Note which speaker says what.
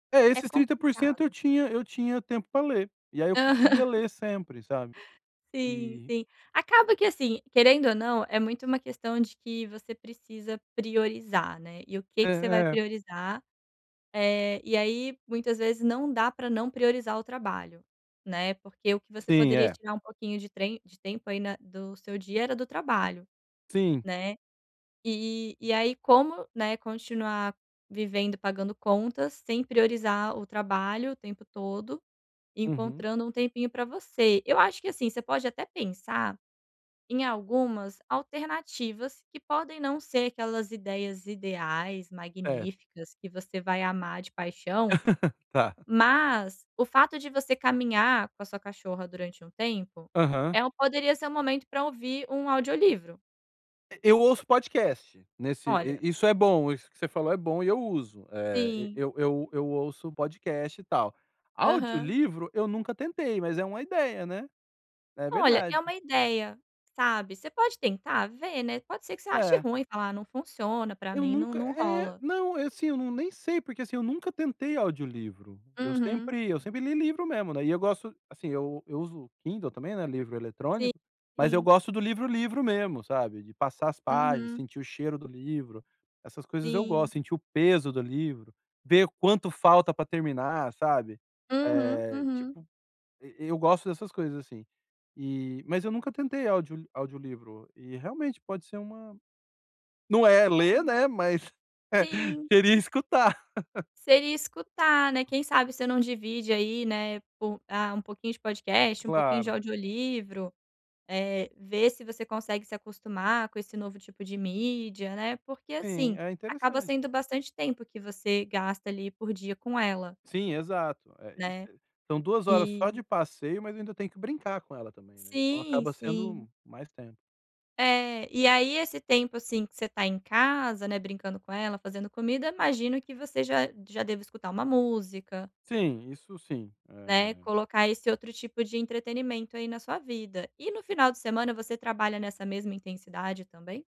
Speaker 1: É,
Speaker 2: É
Speaker 1: esses 30% eu
Speaker 2: complicado.
Speaker 1: tinha eu tinha tempo pra ler. E aí eu conseguia
Speaker 2: Aham.
Speaker 1: ler sempre, sabe?
Speaker 2: Sim,
Speaker 1: E
Speaker 2: sim. Acaba que, assim, querendo ou não, é muito uma questão de que você precisa priorizar, né? E o que
Speaker 1: É
Speaker 2: que você vai
Speaker 1: é.
Speaker 2: priorizar? Eh, e aí, muitas vezes, não dá pra não priorizar o trabalho, né? Porque o que você
Speaker 1: Sim,
Speaker 2: poderia
Speaker 1: é.
Speaker 2: tirar um pouquinho de trem de tempo aí na do seu dia era do trabalho,
Speaker 1: Sim.
Speaker 2: né? E e aí, como, né, continuar vivendo, pagando contas, sem priorizar o trabalho o tempo todo,
Speaker 1: Uhum.
Speaker 2: encontrando um tempinho pra você? Eu acho que, assim, você pode até pensar em algumas alternativas que podem não ser aquelas ideias ideais,
Speaker 1: É.
Speaker 2: magníficas, que você vai amar de paixão.
Speaker 1: Tá.
Speaker 2: Mas o fato de você caminhar com a sua cachorra durante um tempo
Speaker 1: Aham.
Speaker 2: é um poderia ser o momento pra ouvir um audiolivro.
Speaker 1: E eu ouço podcast. Nesse
Speaker 2: Olha.
Speaker 1: i isso é bom. Isso que você falou é bom e eu uso. Eh, e
Speaker 2: Sim.
Speaker 1: eu eu eu ouço podcast e tal.
Speaker 2: Aham.
Speaker 1: Audiolivro eu nunca tentei, mas é uma ideia, né? É
Speaker 2: Olha, é
Speaker 1: verdade.
Speaker 2: uma ideia, sabe. Você pode tentar vê, né. Pode ser que você ache
Speaker 1: É.
Speaker 2: ruim e falar: "Não funciona para
Speaker 1: Eu
Speaker 2: mim, não
Speaker 1: nunca
Speaker 2: não
Speaker 1: É,
Speaker 2: rola".
Speaker 1: não. Assim, eu não nem sei, porque, assim, eu nunca tentei audiolivro. Eu
Speaker 2: Uhum.
Speaker 1: sempre eu sempre li livro mesmo, né? E eu gosto assim, eu eu uso Kindle também, né, livro eletrônico. Mas eu
Speaker 2: Sim.
Speaker 1: gosto do livro, livro mesmo, sabe? De passar as páginas,
Speaker 2: Uhum.
Speaker 1: sentir o cheiro do livro. Essas coisas eu
Speaker 2: Sim.
Speaker 1: gosto. Sentir o peso do livro. Ver quanto falta pra terminar, sabe?
Speaker 2: Uhum.
Speaker 1: Eh,
Speaker 2: Uhum.
Speaker 1: tipo, eu eu gosto dessas coisas, assim. E mas eu nunca tentei audio audiolivro. E realmente pode ser uma não é ler,
Speaker 2: [unintelligible]
Speaker 1: né, mas
Speaker 2: Sim.
Speaker 1: seria escutar.
Speaker 2: Seria escutar, né, quem sabe você não divide aí, né, po ah, um pouquinho de podcast, um pouquinho de
Speaker 1: Claro.
Speaker 2: audiolivro, Eh, ver se você consegue se acostumar com esse novo tipo de mídia, né? Porque,
Speaker 1: Sim,
Speaker 2: assim,
Speaker 1: é
Speaker 2: acaba
Speaker 1: interessante.
Speaker 2: sendo bastante tempo que você gasta ali por dia com ela
Speaker 1: Sim, exato. É, isso
Speaker 2: né?
Speaker 1: aí são 2 horas
Speaker 2: E
Speaker 1: só de passeio, mas eu ainda tenho que brincar com ela também, né, então
Speaker 2: Sim,
Speaker 1: acaba
Speaker 2: sim.
Speaker 1: sendo mais tempo.
Speaker 2: É, e aí esse tempo, assim, que você está em casa, né, brincando com ela, fazendo comida, imagino que você já já deva escutar uma música
Speaker 1: Sim, isso sim,
Speaker 2: né.
Speaker 1: eh
Speaker 2: Colocar esse outro tipo de entretenimento aí na sua vida. E, no final de semana, você trabalha nessa mesma intensidade também?